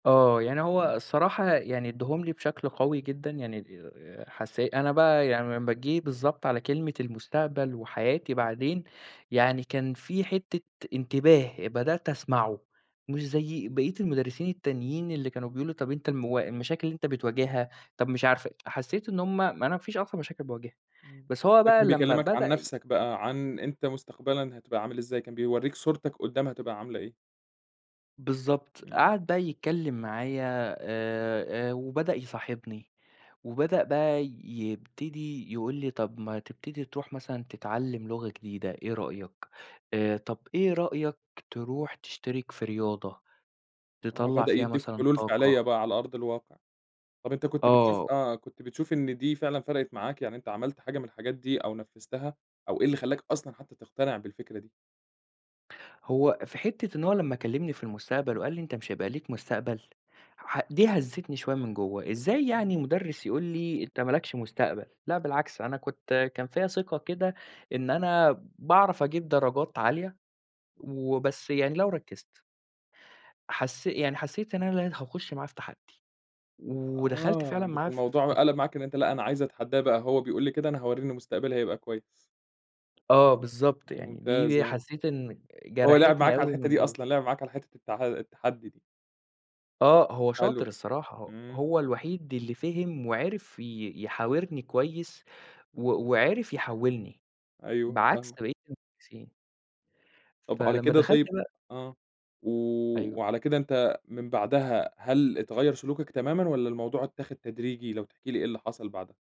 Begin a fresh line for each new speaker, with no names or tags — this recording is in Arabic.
آه، يعني هو
إمم.
الصراحة يعني أدّاهم لي بشكل قوي جدًا يعني، آآ حسّي أنا بقى يعني لما جيت، بالضبط على كلمة المستقبل وحياتي بعدين، يعني كان في حِتّة إنتباه بدأت أسمعه مش زي بقية المدرسيين التانيين اللي كانوا بيقولوا طَب أنت الموا المشاكل اللي أنت بتواجهها، طَب مش عارفة حسّيت إن هُم ما أنا مفيش أصلًا مشاكل باواجهها،
إمم،
بس هو بقى
فكان
لما
بيكلّمك عن
بدأ ي
نفسك بقى، عن أنت مستقبلًا هتبقى عامل إزاي، كان بيورّيك صورتك قُدّّام هتبقى عاملة إيه.
بالضبط،
إمم.
قعَد بقى يتكلّم معايا آآ، وبدأ يصاحبني وبدأ بقى يبتدي يقول لي: "طَب ما تبتدي ترُوح مثلًا تتعلّم لغة جديدة إيه رأيك؟ آآ طَب إيه رأيك ترُوح تشتِرك في رياضة
آه
تطلّع
بدأ
فيها
يدّيك
مثلًا
حلول
طاقة؟"
فِعلية بقى على أرض الواقع. طَب أنت كنت بتشوف
آه.
آآ، كنت بتشوف إن دي فعلًا فرقِت معاك، يعني أنت عملت حاجة من الحاجات دي أو نفّذتها أو إيه اللي خلّاك أصلًا حتى تقتنع بالفكرة دي؟
هو في حِتّة إن هو لما كلّمني في المستقبل
إمم.
وقال لي: "أنت مش هيبقى ليك مستقبل." ح دي هزّتني شوية من جوّه، إزاي يعني
إمم.
مُدرِّس يقول لي أنت ما لكش مستقبل، لأ بالعكس أنا كنت كان فيا ثِقة كده إن أنا باعرف أجيب درجات عالية وبس يعني لو ركزت حس يعني حسّيت إن أنا هاخش معاه في تحدّي ودخَلت
آه،
فعلًا
ده
معاه
كان
ف
الموضوع
في الت
قلَب معاك إن أنت لأ أنا عايز أتحدّاه بقى، هو بيقول لي كده أنا هورّيه إن مستقبلي هيبقى كويس.
آه بالضبط، يعني
ممتاز،
دي
آه.
حسّيت إن
هو لعِب
جرَحتني
معاك على
أوي
الحِتّة
من
دي
جوّه.
أصلًا، لعب معاك على حِتّة التح التحدي دي.
آه هو شاطر
حلو،
الصراحة،
إمم.
هو الوحيد اللي فهِم وعرِف ي يحاورني كويس و وعرِف يحولّني
أيوه
بعكس
فاهمك.
بقيت المدرسين.
طَب على
فلمّا
كده
دخَلت
طيب
بقى
آه، و
أيوه.
وعلى كده أنت من بَعدها هل اتغيّر سلوكك تمامًا والّا الموضوع اتّاخد تدريجي؟ لو تحكي لي إيه اللي حصَل بَعدها.